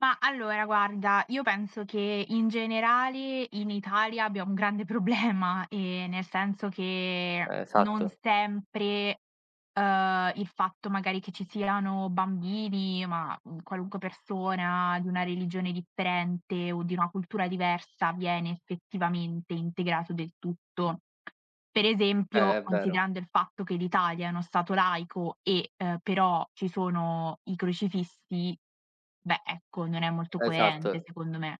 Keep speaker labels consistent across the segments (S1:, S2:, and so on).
S1: Mah, allora guarda, io penso che in generale in Italia abbiamo un grande problema, ehm, nel senso che
S2: Ehm,
S1: non
S2: esatto.
S1: sempre, uhm, il fatto magari che ci siano bambini, ma, mhmm, qualunque persona di una religione differente o di una cultura diversa, viene effettivamente integrato del tutto. Per
S2: Eh,
S1: esempio,
S2: è vero.
S1: considerando il fatto che l'Italia è uno Stato laico e, uhm, però ci sono i crocifissi, beh, ecco, non è molto coerente
S2: Esatto.
S1: secondo me.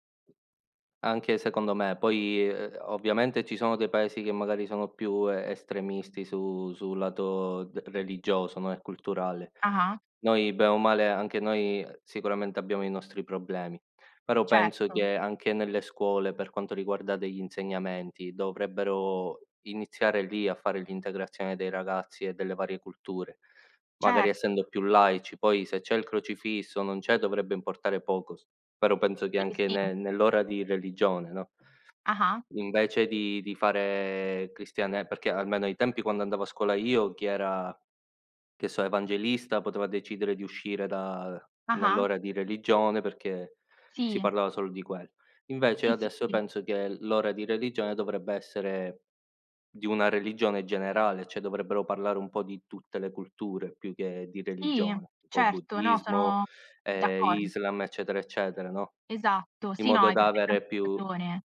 S2: Anche secondo me. Poi, uhm, ovviamente ci sono dei Paesi che magari sono più e estremisti su sul lato d religioso, no, e culturale.
S1: Ah-ah.
S2: Noi bene o male, anche noi, ehm, sicuramente abbiamo i nostri problemi, però penso
S1: Certo.
S2: che anche nelle scuole, per quanto riguarda degli insegnamenti, dovrebbero iniziare lì a fare l'integrazione dei ragazzi e delle varie culture, magari
S1: Cer
S2: essendo più laici. Poi se c'è il crocifisso, o non c'è, dovrebbe importare poco s però penso che
S1: Sì,
S2: anche
S1: sì.
S2: ne nell'ora di religione, no
S1: Ah-ah.
S2: invece di di fare cristiane perché almeno ai tempi quando andavo a scuola io chi era, che so, evangelista, poteva decidere di uscire da
S1: Ah-ah.
S2: nell'ora di religione perché si
S1: Sì.
S2: parlava solo di quello. Invece
S1: Sì,
S2: adesso
S1: sì.
S2: penso che l l'ora di religione dovrebbe essere di una religione generale, cioè dovrebbero parlare un po' di tutte le culture più che di
S1: Sì,
S2: religione, tipo
S1: certo, no
S2: buddismo,
S1: sono
S2: ehm,
S1: d'accor
S2: Islam, eccetera eccetera, no,
S1: Esatto.
S2: in
S1: Sì, no,
S2: modo
S1: hai
S2: da avere
S1: perfettamente
S2: più
S1: ragione.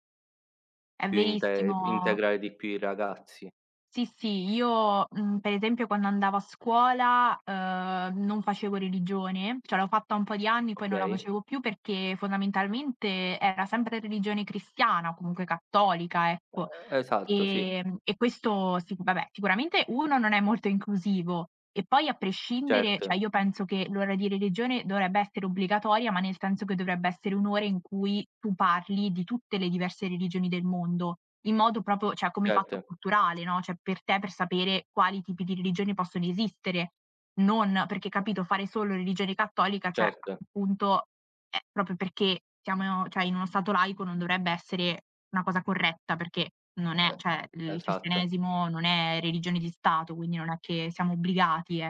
S1: È
S2: più inte
S1: verissimo.
S2: integrare di più i ragazzi.
S1: Sì, sì, io, mhmm, per esempio quando andavo a scuola, uhm, non facevo religione, cioè l'ho fatta un po' di anni, poi non la
S2: Okay.
S1: facevo più perché fondamentalmente era sempre religione cristiana, comunque cattolica, ecco.
S2: Ehm, esatto, sì.
S1: Ehm, e questo sic vabbè, sicuramente 1 non è molto inclusivo. E poi a prescindere, cioè
S2: Certo.
S1: io penso che l'ora di religione dovrebbe essere obbligatoria, ma nel senso che dovrebbe essere 1 ora in cui tu parli di tutte le diverse religioni del mondo in modo proprio cioè come fatto
S2: Certo.
S1: culturale, no, cioè per te per sapere quali tipi di religioni possono esistere. Non perché, capito, fare solo religione cattolica, cioè
S2: Certo.
S1: appunto, ehm, proprio perché siamo in o cioè in uno stato laico non dovrebbe essere una cosa corretta, perché non è
S2: Ehm,
S1: cioè, il
S2: esatto.
S1: cristianesimo non è religione di Stato, quindi non è che siamo obbligati, eh.